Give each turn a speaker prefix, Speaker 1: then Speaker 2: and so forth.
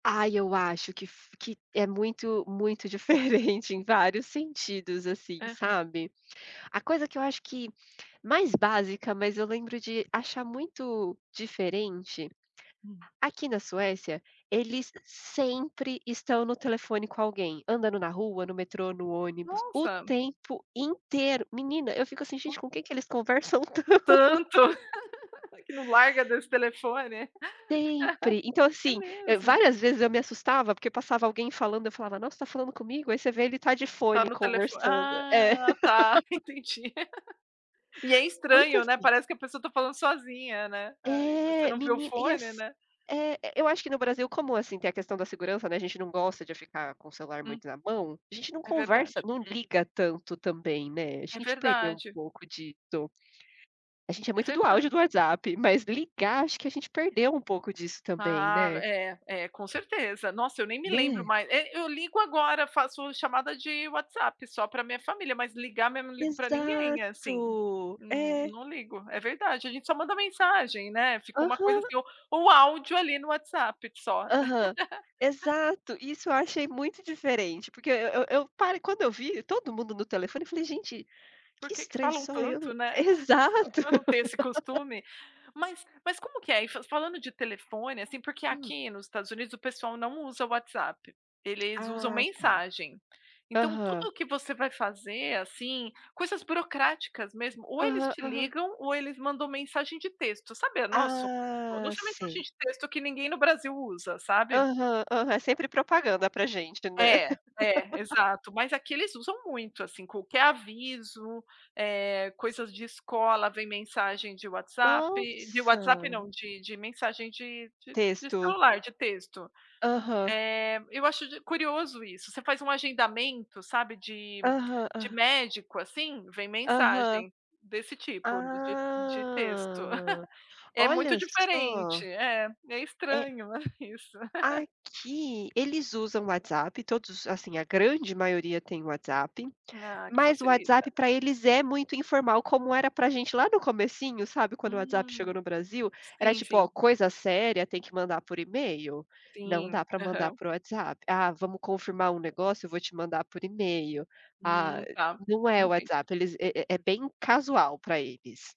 Speaker 1: Ai, eu acho que, fu que é muito muito diferente em vários sentidos, assim,
Speaker 2: Aham.
Speaker 1: sabe. A coisa que eu acho que mais básica, mas eu lembro de achar muito diferente,
Speaker 2: Hum.
Speaker 1: aqui na Suécia, eles sempre estão no telefone com alguém, andando na rua, no metrô, no ônibus, o
Speaker 2: Nossa.
Speaker 1: tempo inteiro. Menina, eu fico assim:
Speaker 2: Ol
Speaker 1: "Gente com quem que eles conversam tanto".
Speaker 2: Tanto. Que não larga desse telefone.
Speaker 1: Sempre. Então
Speaker 2: É
Speaker 1: assim, e
Speaker 2: mesmo?
Speaker 1: várias vezes eu me assustava porque passava alguém falando, eu falava: "Nossa, você tá falando comigo?" Aí você vê, ele tá de
Speaker 2: Tá
Speaker 1: fone
Speaker 2: no telefo
Speaker 1: conversando, é.
Speaker 2: Ah tá, entendi. E é
Speaker 1: Muito
Speaker 2: estranho, né,
Speaker 1: assim.
Speaker 2: parece que a pessoa tá falando sozinha, né. Ai, você
Speaker 1: É!
Speaker 2: não viu o
Speaker 1: Menina, e
Speaker 2: fone,
Speaker 1: ass
Speaker 2: né.
Speaker 1: É, eu acho que no Brasil como, assim, tem a questão da segurança, né, a gente não gosta de ficar com o celular
Speaker 2: Hum.
Speaker 1: muito na mão, a gente não
Speaker 2: É
Speaker 1: conversa
Speaker 2: verdade.
Speaker 1: não liga tanto também, né. A
Speaker 2: É
Speaker 1: gente perdeu um
Speaker 2: verdade.
Speaker 1: pouco disso. A gente é
Speaker 2: É
Speaker 1: muito do áudio do
Speaker 2: verdade.
Speaker 1: WhatsApp, mas ligar, acho que a gente perdeu um pouco disso também,
Speaker 2: Ah,
Speaker 1: né.
Speaker 2: é, é, com certeza. Nossa, nem me lembro
Speaker 1: Né?
Speaker 2: mais E eu ligo agora, faço chamada de WhatsApp só pra minha família, mas ligar mesmo, eu não ligo para
Speaker 1: Exato,
Speaker 2: ninguém, eh, assim, não,
Speaker 1: é.
Speaker 2: não ligo. É verdade, a gente só manda mensagem, né, fica uma coisa,
Speaker 1: Aham.
Speaker 2: assim. O ou áudio, ali, no WhatsApp, só.
Speaker 1: Aham. Exato, isso eu achei muito diferente, porque eu eu parei Quando eu vi todo mundo no telefone eu falei: "Gente,
Speaker 2: Por
Speaker 1: que
Speaker 2: que que
Speaker 1: estranho
Speaker 2: falam
Speaker 1: só eu"
Speaker 2: tanto, né. Só
Speaker 1: exato.
Speaker 2: pra não ter esse costume. Mas mas como que é fa falando de telefone, assim. Porque
Speaker 1: Hum.
Speaker 2: aqui nos Estados Unidos o pessoal não usa o WhatsApp, eles usam
Speaker 1: Ah, tá.
Speaker 2: mensagem. Então tudo
Speaker 1: Aham.
Speaker 2: o que você vai fazer, assim, coisas burocráticas mesmo, ou eles
Speaker 1: Aham,
Speaker 2: te
Speaker 1: aham.
Speaker 2: ligam, ou eles mandam mensagem de texto. Sabe, a nosso mandam
Speaker 1: Ah,
Speaker 2: só mensagem
Speaker 1: sério.
Speaker 2: de texto que ninguém no Brasil usa, sabe.
Speaker 1: Aham, aham. É sempre propaganda pra gente, né?
Speaker 2: É, é, exato. Mas aqui eles usam muito, assim, qualquer aviso, eh, coisas de escola vem mensagem de WhatsApp. De WhatsApp
Speaker 1: Nossa.
Speaker 2: não, de de mensagem de
Speaker 1: Nossa,
Speaker 2: de de
Speaker 1: texto, aham.
Speaker 2: celular, de texto.
Speaker 1: Texto.
Speaker 2: Eh, eu acho di curioso isso. Você faz um agendamento, sabe, de
Speaker 1: Aham,
Speaker 2: de
Speaker 1: hã.
Speaker 2: médico, assim, vem
Speaker 1: Aham.
Speaker 2: mensagem desse tipo de de texto.
Speaker 1: Ah,
Speaker 2: É
Speaker 1: olha
Speaker 2: muito diferente.
Speaker 1: só.
Speaker 2: É, é
Speaker 1: É
Speaker 2: estranho isso.
Speaker 1: Aqui eles usam WhatsApp, todos Assim, a grande maioria têm WhatsApp,
Speaker 2: Ah, que
Speaker 1: mas o
Speaker 2: facilita,
Speaker 1: WhatsApp
Speaker 2: né.
Speaker 1: pra eles é muito informal como era pra gente lá no comecinho, sabe, quando o WhatsApp chegou
Speaker 2: Hum.
Speaker 1: no Brasil, era
Speaker 2: Sim,
Speaker 1: tipo: "Ó,
Speaker 2: sim.
Speaker 1: coisa séria tem que mandar por e-mail, não
Speaker 2: Sim,
Speaker 1: dá pra mandar
Speaker 2: aham.
Speaker 1: por WhatsApp. "Ah, vamos confirmar um negócio? Eu vou te mandar por e-mail. Ah
Speaker 2: Hum, tá.
Speaker 1: "Não é
Speaker 2: Entendi.
Speaker 1: WhatsApp, eles é é é bem casual pra eles.